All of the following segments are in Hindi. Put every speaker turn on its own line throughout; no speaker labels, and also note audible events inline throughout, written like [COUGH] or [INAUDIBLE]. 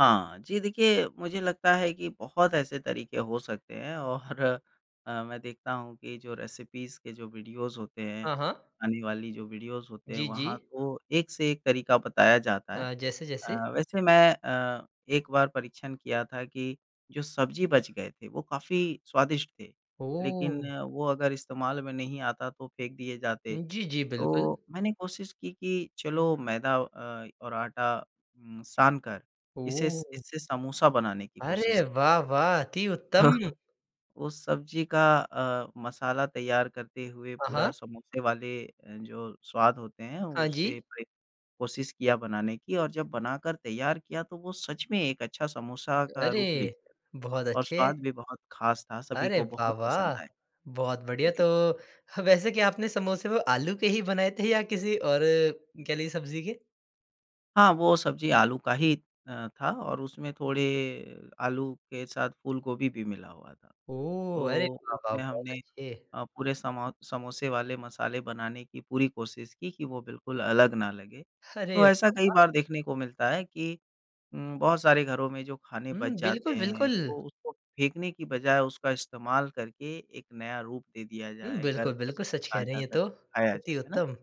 हाँ, जी देखिए, मुझे लगता है कि बहुत ऐसे तरीके हो सकते हैं और अ, मैं देखता हूँ कि जो रेसिपीज़ के जो वीडियोज़ होते हैं,
हाँ, हाँ।
आने वाली जो वीडियोज़ होते हैं
जी,
वहाँ
जी।
तो एक-से-एक तरीका बताया जाता है।
अ, जैसे, जैसे?
अ, वैसे मैं अ, एक बार परीक्षण किया था कि जो सब्ज़ी बच गए थे वो काफ़ी स्वादिष्ट थे, लेकिन
ओह!
वो अगर इस्तेमाल में नहीं आता तो फेंक दिए जाते,
उम, जी, जी, बिल्कुल।
तो मैंने कोशिश की कि चलो मैदा अ, और आटा उम, सानकर इसे स
ओह!
इससे समोसा बनाने की कोशिश
अरे, वाह! वाह! अति उत्तम।
[CHUCKLES] वो सब्ज़ी का अ, मसाला तैयार करते हुए
हाँ,
पूरा
हाँ।
समोसे वाले अ, जो स्वाद होते हैं,
हाँ
उसे
जी।
वही कोशिश किया बनाने की और जब बनाकर तैयार किया तो वो सच में एक अच्छा समोसा का रूप
अरे,
लेते
बहुत
और
अच्छे।
स्वाद भी बहुत खास था। सभी
अरे,
को
वाह!
बहुत पसंद
वाह!
आए।
बहुत बढ़िया।
जी।
तो ह वैसे क्या आपने समोसे में आलू के ही बनाए थे या किसी और कह लीजिए सब्ज़ी के?
हाँ, वो सब्ज़ी आलू का ही अ, था और उसमें थोड़े आलू के साथ फूलगोभी भी मिला हुआ था।
ओह, अरे
तो
वाह! वाह!
उसमें
बहुत
हमने
अच्छे।
अ, पूरे समा समोसे वाले मसाले बनाने की पूरी कोशिश की कि वो बिल्कुल अलग न लगे।
अरे,
तो ऐसा
वाह!
कई
वाह!
बार देखने को मिलता है कि उम, बहुत सारे घरों में जो खाने
हुँ,
बच
बिल्कुल,
जाते हैं
बिल्कुल।
तो उसको फेंकने की बजाए उसका इस्तेमाल करके एक नया रूप दे दिया
हुँ,
जाए, गर्म
बिल्कुल, बिल्कुल
करके
सच कह रहे
ताज़ा
हैं ये तो,
करके खाया जाए
अति
है ना?
उत्तम।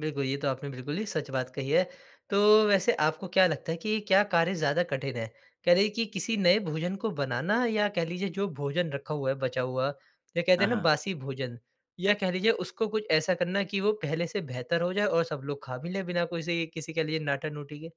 बिल्कुल, ये तो आपने बिल्कुल ही सच बात कही है, तो वैसे आपको क्या लगता है कि क्या कार्य ज़्यादा कठिन है? कह रहे हैं कि किसी नए भोजन को बनाना या कह लीजिए जो भोजन रखा हुआ है, बचा हुआ या कहते
हाँ,
है ना
हाँ।
बासी भोजन या कह लीजिए उसको कुछ ऐसा करना है कि वो पहले से बेहतर हो जाए और सब लोग खा भी लें बिना कोसी किसी के लिए नाटा-नोटी के?